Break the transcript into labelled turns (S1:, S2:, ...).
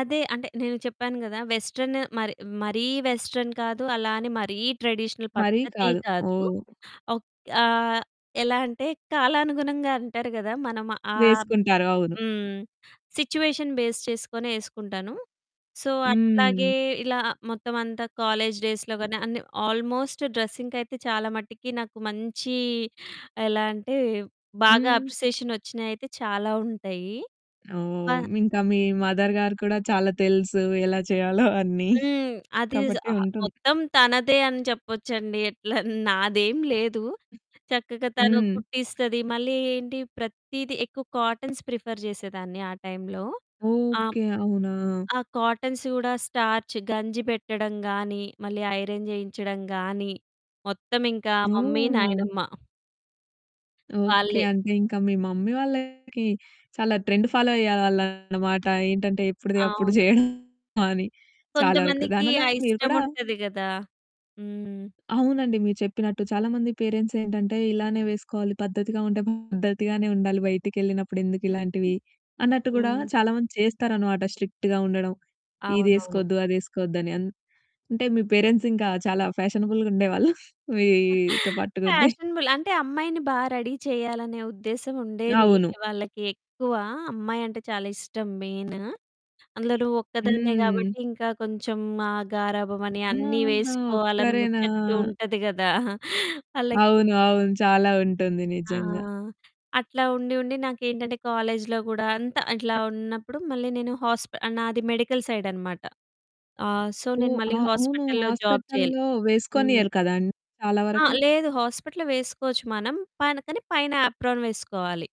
S1: అదే. అంటే నేను చెప్పాను గదా! వెస్టర్న్ మరి మరీ వెస్టర్న్ కాదు. అలా అని మరీ ట్రెడిషనల్
S2: మరీ
S1: పద్ధతీ
S2: కాదు.
S1: కాదు.
S2: ఓహ్!
S1: ఒక్ ఆహ్, ఎలా అంటే కాలానుగుణంగా అంటారు గదా! మన ఆబ్
S2: వేసుకుంటారు. అవును.
S1: హ్మ్. సిట్యుయేషన్ బేస్ చేసుకొని ఏసుకుంటాను. సో, అట్లాగే
S2: హ్మ్.
S1: ఇలా మొత్తం అంతా కాలేజి డేస్‌లో గాని, అన్ని ఆల్మోస్ట్ డ్రెస్సింగ్‌‌కి అయితే చాలా మటికి నాకు మంచి ఎలా అంటే, బాగా
S2: హ్మ్.
S1: అప్రిసియేషనొచ్చినయి అయితే చాలా ఉంటాయి. ప
S2: ఓహ్! ఇంకా మీ మదర్ గారు కూడా, చాలా తెలుసు ఎలా చేయాలో అన్ని.
S1: హ్మ్. అది జ్
S2: కాబట్టి
S1: ఆహ్,
S2: ఉంటుంది.
S1: మొత్తం తనదే అని చెప్పొచ్చండి. ఎట్లా నాదేం లేదు. చక్కగా తను
S2: హ్మ్.
S1: కుట్టిస్తది. మళ్ళీ ఏంటి ప్రతీదీ ఎక్కువ కాటన్స్ ప్రిఫర్ జేసేదాన్ని ఆ టైంలో. ఆహ్, హ్మ్,
S2: ఓకే. అవునా!
S1: ఆ కాటన్స్ కూడా, స్టార్చ్ గంజి పెట్టడం గాని, మళ్ళీ ఐరన్ జేయించడం గాని మొత్తం ఇంకా మమ్మీ,
S2: ఓహ్!
S1: నాయనమ్మ.
S2: ఓకే.
S1: వాళ్ళే.
S2: అంటే ఇంకా మీ మమ్మీ వాళ్ళకి చాలా ట్రెండ్ ఫాలో అయ్యేవాళ్ళనమాట. ఏంటంటే, ఎప్పుడుది అప్పుడు
S1: అవును.
S2: చేయడం అని. చాలా వరకు
S1: కొంతమందికి
S2: దాని వల్ల
S1: ఆ
S2: మీరు
S1: ఇష్టం
S2: కూడా
S1: ఉంటది గదా! హ్మ్.
S2: అవునండి. మీరు చెప్పినట్టు చాలా మంది పేరెంట్స్ ఏంటంటే, ఇలానే వేసుకోవాలి పద్ధతిగా ఉంటే పద్ధతిగానే ఉండాలి బయటికెళ్ళినప్పుడు ఎందుకు ఇలాంటివి, అన్నట్టు గూడా
S1: హ్మ్.
S2: చాలా మంది చేస్తారనమాట. స్ట్రిక్ట్‌గా ఉండడం.
S1: అవునవును.
S2: ఇదేసుకోద్దు, అదేసుకోద్దు అని. అన్ అంటే, మీ పేరెంట్స్ ఇంకా చాలా ఫ్యాషనబుల్‌గుండేవాళ్ళు మీతో పాటుగుండే.
S1: ఫ్యాషనబుల్. అంటే అమ్మాయిని బాగా రెడీ చేయాలనే ఉద్దేశ్యం ఉండేది.
S2: అవును.
S1: వాళ్ళకి ఎక్కువ అమ్మాయంటే చాలా ఇష్టం మెయిను. అందులో ఒక్కదాన్నే
S2: హ్మ్.
S1: గాబట్టి, ఇంకా కొంచెం ఆ గారాబం అని, అన్నీ
S2: ఆహాహా!
S1: వేసుకోవాలని
S2: ఒక్కరేనా!
S1: ముచ్చట్లు ఉంటది గదా! వాళ్ళకి.
S2: అవును. అవును. చాలా ఉంటుంది
S1: ఆ!
S2: నిజంగా.
S1: అట్లా ఉండి, ఉండి నాకేంటంటే కాలేజిలో గూడా అంతా అట్లా ఉన్నప్పుడు, మళ్ళీ నేను హాస్ప నాది మెడికల్ సైడ్ అనమాట. ఆహ్, సో, నేను
S2: ఓహ్!
S1: మళ్ళీ
S2: ఆ! అవును.
S1: హాస్పిటల్‌లో జాబ్ చేయాలి.
S2: హాస్పిటల్‌లో
S1: హ్మ్.
S2: వేసుకోనియరు కదండీ చాలా
S1: ఆ!
S2: వరకు.
S1: లేదు. హాస్పిటల్‌లో వేసుకోవచ్చు మనం. పైన, కానీ పైన ఆప్రాన్ వేసుకోవాలి.